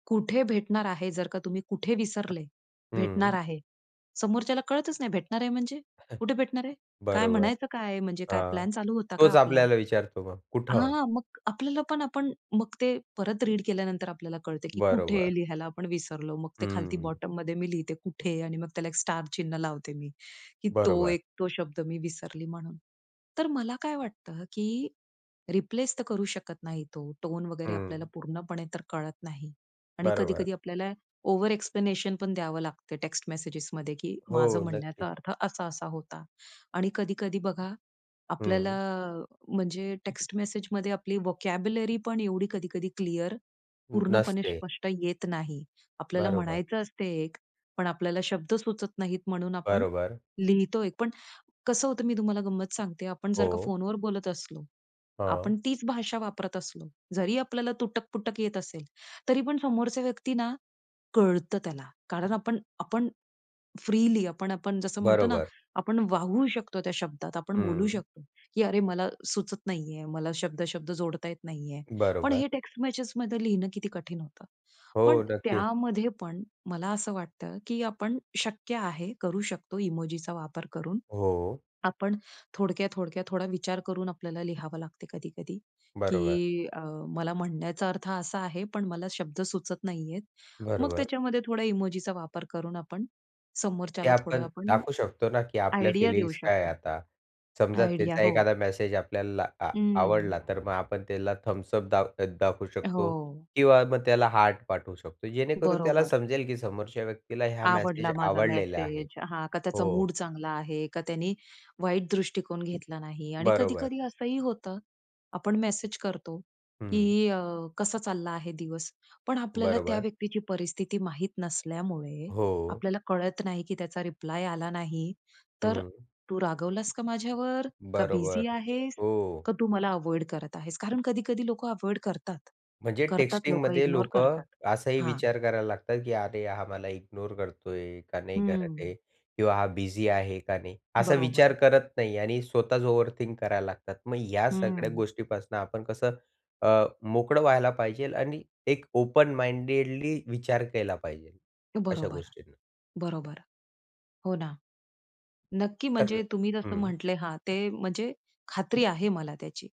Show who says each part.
Speaker 1: कुठे भेटणार आहे? जर का तुम्ही कुठे? विसरले, भेटणार
Speaker 2: हं.
Speaker 1: आहे. समोरच्याला कळतच नाही. भेटणार आहे म्हणजे? कुठे भेटणार आहे? काय
Speaker 2: बरोबर.
Speaker 1: म्हणायचं काय आहे? म्हणजे काय
Speaker 2: हां,
Speaker 1: प्लॅन चालू होता का
Speaker 2: तोच
Speaker 1: आपला?
Speaker 2: आपल्याला विचारतो मग. कुठं?
Speaker 1: हां, मग आपल्याला पण आपण मग ते परत रीड केल्यानंतर आपल्याला कळते, की कुठे
Speaker 2: बरोबर.
Speaker 1: लिहायला आपण विसरलो. मग ते खालती
Speaker 2: हं.
Speaker 1: बॉटममध्ये मी लिहिते, कुठे? आणि मग त्याला एक स्टार चिन्ह लावते मी. की तो
Speaker 2: बरोबर.
Speaker 1: एक, तो शब्द मी विसरली म्हणून. तर मला काय वाटतं, की रिप्लेस तर करू शकत नाही तो, टोन वगैरे आपल्याला
Speaker 2: हं.
Speaker 1: पूर्णपणे तर कळत नाही. आणि
Speaker 2: बरोबर.
Speaker 1: कधी-कधी आपल्याला ओव्हर-एक्सप्लेनेशन पण द्यावं लागतं टेक्स्ट मेसेजेसमध्ये, की माझं
Speaker 2: हो, नक्कीच.
Speaker 1: म्हणण्याचा अर्थ असा-असा होता. आणि कधी-कधी बघा आपल्याला,
Speaker 2: हं.
Speaker 1: म्हणजे टेक्स्ट मेसेजमध्ये आपली व्होकॅब्युलरी पण एवढी कधी-कधी क्लिअर,
Speaker 2: न
Speaker 1: पूर्णपणे
Speaker 2: नसते.
Speaker 1: स्पष्ट येत नाही. आपल्याला
Speaker 2: बरोबर.
Speaker 1: म्हणायचं असतं एक, पण आपल्याला शब्द सुचत नाहीत, म्हणून आपण
Speaker 2: बरोबर.
Speaker 1: लिहितो एक. पण कसं होतं, मी तुम्हाला गंमत सांगते, आपण जर का
Speaker 2: हो.
Speaker 1: फोनवर बोलत असलो.
Speaker 2: हां.
Speaker 1: आपण तीच भाषा वापरत असलो, जरी आपल्याला तुटक-पटक येत असेल, तरी पण समोरच्या व्यक्ती ना, कळतं त्याला. कारण आपण आपण फ्रीली आपण आपण जसं म्हणतो ना,
Speaker 2: बरोबर.
Speaker 1: आपण वाहू शकतो त्या शब्दात, आपण बोलू
Speaker 2: हं.
Speaker 1: शकतो, "की अरे, मला सुचत नाहीये, मला शब्द-शब्द जोडता येत नाहीये." पण
Speaker 2: बरोबर.
Speaker 1: हे टेक्स्ट मेसेजमध्ये लिहिणं किती कठीण होतं. पण
Speaker 2: हो, नक्कीच.
Speaker 1: त्यामध्ये पण, मला असं वाटतं, की आपण शक्य आहे, करू शकतो, इमोजीचा वापर करून.
Speaker 2: हो.
Speaker 1: आपण थोडक्यात-थोडक्यात थोडा विचार करून आपल्याला लिहावं लागते कधी-कधी,
Speaker 2: बरोबर.
Speaker 1: की अ, मला म्हणण्याचा अर्थ असा आहे, पण मला शब्द सुचत नाहीयेत. मग
Speaker 2: बरोबर.
Speaker 1: त्याच्यामध्ये थोडा इमोजीचा वापर करून आपण
Speaker 2: ते
Speaker 1: समोरच्याला थोडं
Speaker 2: आपण
Speaker 1: आपण,
Speaker 2: दाखवू शकतो ना, की आपल्या
Speaker 1: आयडिया देऊ
Speaker 2: फिलिंग्स काय
Speaker 1: शकतो.
Speaker 2: आता. समजा
Speaker 1: आयडिया
Speaker 2: त्याचा
Speaker 1: हो.
Speaker 2: एखादा मेसेज आपल्याला आ आवडला.
Speaker 1: हं.
Speaker 2: तर मग आपण त्याला थम्सअप दाख दाखवू शकतो
Speaker 1: हो.
Speaker 2: किंवा मग त्याला हार्ट पाठवू शकतो. जेणेकरून त्याला
Speaker 1: बरोबर.
Speaker 2: समजेल, की समोरच्या व्यक्तीला ह्या मेसेज
Speaker 1: आवडला माझा
Speaker 2: आवडलेला आहे.
Speaker 1: मेसेज, हां. का त्याचा
Speaker 2: हो.
Speaker 1: मूड चांगला आहे, का त्यांनी वाईट दृष्टिकोन घेतला नाही. आणि
Speaker 2: बरोबर.
Speaker 1: कधी-कधी असंही होतं. आपण मेसेज करतो,
Speaker 2: हं.
Speaker 1: की "अ, कसा चालला आहे दिवस?" पण आपल्याला त्या
Speaker 2: बरोबर.
Speaker 1: व्यक्तीची परिस्थिती माहीत नसल्यामुळे,
Speaker 2: हो.
Speaker 1: आपल्याला कळत नाही, की त्याचा रिप्लाय आला नाही, तर
Speaker 2: हं.
Speaker 1: तू रागवलास का माझ्यावर? का
Speaker 2: बरोबर,
Speaker 1: बिझी आहेस?
Speaker 2: हो.
Speaker 1: का तू मला अव्हॉइड करत आहेस? कारण कधी-कधी लोकं अव्हॉइड करतात,
Speaker 2: म्हणजे
Speaker 1: करतात लोक
Speaker 2: टेक्स्टिंगमध्ये
Speaker 1: इग्नोर
Speaker 2: लोकं
Speaker 1: करतात.
Speaker 2: असाही
Speaker 1: हां.
Speaker 2: विचार करायला लागतात, की "अरे, हा मला इग्नोर करतोय? का नाही
Speaker 1: हं,
Speaker 2: करत आहे?
Speaker 1: हं.
Speaker 2: किंवा हा बिझी आहे का नाही?" असा
Speaker 1: बरोबर.
Speaker 2: विचार करत नाही आणि स्वतःच ओव्हरथिंक करायला लागतात. मग या सगळ्या
Speaker 1: हं.
Speaker 2: गोष्टीपासून आपण कसं अ, मोकळं व्हायला पाहिजे आणि एक ओपन माइंडेडली विचार केला पाहिजे, अशा
Speaker 1: बरोबर,
Speaker 2: गोष्टींचा.
Speaker 1: बरोबर. हो ना. नक्की, म्हणजे
Speaker 2: तर
Speaker 1: तुम्ही जसं
Speaker 2: हं.
Speaker 1: म्हटलं. हां, ते, म्हणजे खात्री आहे मला त्याची.